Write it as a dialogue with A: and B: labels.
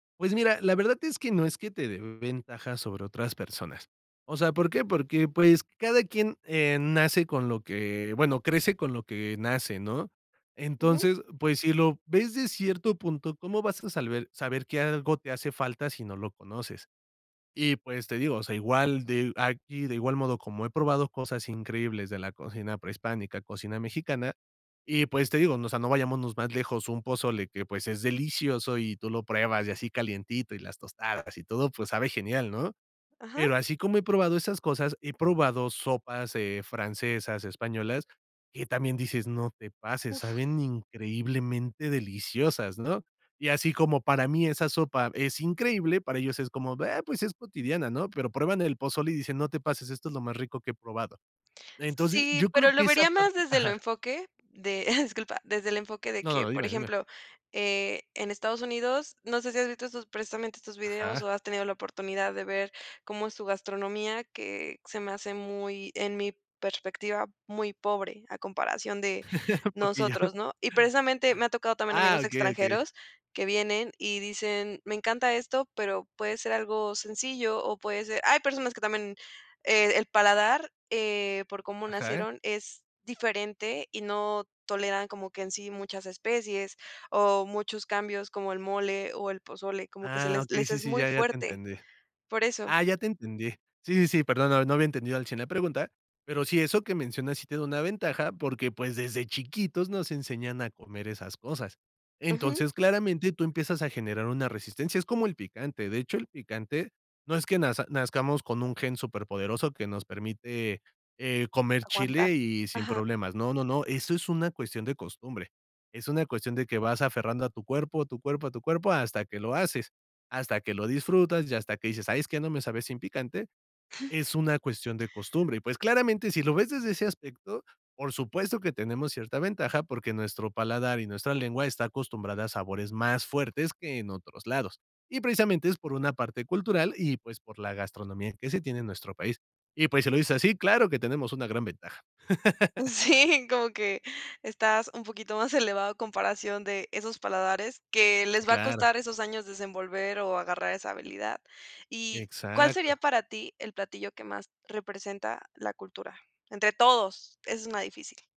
A: Pues mira, la verdad es que no es que te dé ventaja sobre otras personas. O sea, ¿por qué? Porque, pues, cada quien, eh, nace con lo que bueno, crece con lo que nace, ¿no?
B: Ujú.
A: Entonces, pues, si lo ves de cierto punto, ¿cómo vas a salber saber que algo te hace falta, si no lo conoces? Y pues, te digo, o sea, igual de aquí, de igual modo, como he probado cosas increíbles de la cocina prehispánica, cocina mexicana, y pues, te digo, ¿no? O sea, no vayámonos más lejos, un pozole que, pues, es delicioso, y tú lo pruebas, y así calientito, y las tostadas, y todo, pues, sabe genial, ¿no?
B: Ajá.
A: Pero, así como he probado esas cosas, he probado sopas, eh, francesas, españolas, que también dices: "No te pases,
B: Uf.
A: saben increíblemente deliciosas", ¿no? Y así como para mí esa sopa es increíble, para ellos es como: "Ah, pues es cotidiana", ¿no? Pero, prueban el pozole y dicen: "No te pases, esto es lo más rico que he probado". Entonces,
B: Sí,
A: yo creo
B: pero, lo
A: que esa
B: vería más
A: parte
B: desde el
A: Ajá.
B: enfoque de disculpa, desde el enfoque de
A: No,
B: que,
A: no,
B: por
A: dime, dime.
B: ejemplo, eh, en Estados Unidos, no sé si has visto estos, precisamente estos videos,
A: Ajá.
B: o has tenido la oportunidad de ver cómo es su gastronomía, que se me hace muy, en mi perspectiva, muy pobre, a comparación de
A: poquillo.
B: nosotros, ¿no? Y, precisamente, me ha tocado también,
A: Ah,
B: amigos
A: okey, okey.
B: extranjeros que vienen, y dicen: "Me encanta esto", pero puede ser algo sencillo, o puede ser Hay personas que también, eh, el paladar, eh, por cómo
A: Ajá.
B: nacieron, es diferente, y no toleran, como que en sí muchas especies, o muchos cambios, como el mole o el pozole. Como que se
A: Ah,
B: les
A: okey,
B: les
A: sí,
B: es
A: sí,
B: muy
A: ya. Ya te
B: fuerte.
A: entendí.
B: Por eso.
A: Ah, ya te entendí. Sí, sí, sí, perdón, no no había entendido al 100 la pregunta. Pero sí, eso que mencionas sí tiene una ventaja, porque, pues, desde chiquitos nos enseñan a comer esas cosas.
B: Ujú.
A: Entonces, claramente, tú empiezas a generar una resistencia. Es como el picante, de hecho, el picante, no es que naz nazcamos con un gen superpoderoso, que nos permite, eh, comer
B: Aguantar.
A: chile, y sin
B: Ajá.
A: problemas. No, no, no. Eso es una cuestión de costumbre. Es una cuestión de que vas aferrando a tu cuerpo, a tu cuerpo, a tu cuerpo, hasta que lo haces, hasta que lo disfrutas, y hasta que dices: "Ay, es que no me sabe sin picante". Es una cuestión de costumbre y, pues, claramente, si lo ves desde ese aspecto, por supuesto que tenemos cierta ventaja, porque nuestro paladar y nuestra lengua está acostumbrada a sabores más fuertes, que en otros lados. Y, precisamente, es por una parte cultural y, pues, por la gastronomía que se tiene en nuestro país. Y pues, si lo dices así, claro que tenemos una gran ventaja.
B: Sí, como que estás un poquito más elevado a comparación de esos paladares, que les va a costar
A: Claro.
B: esos años desenvolver o agarrar esa habilidad. ¿Y cuál sería
A: Exacto.
B: para ti el platillo que más representa la cultura? Entre todos, es una difícil.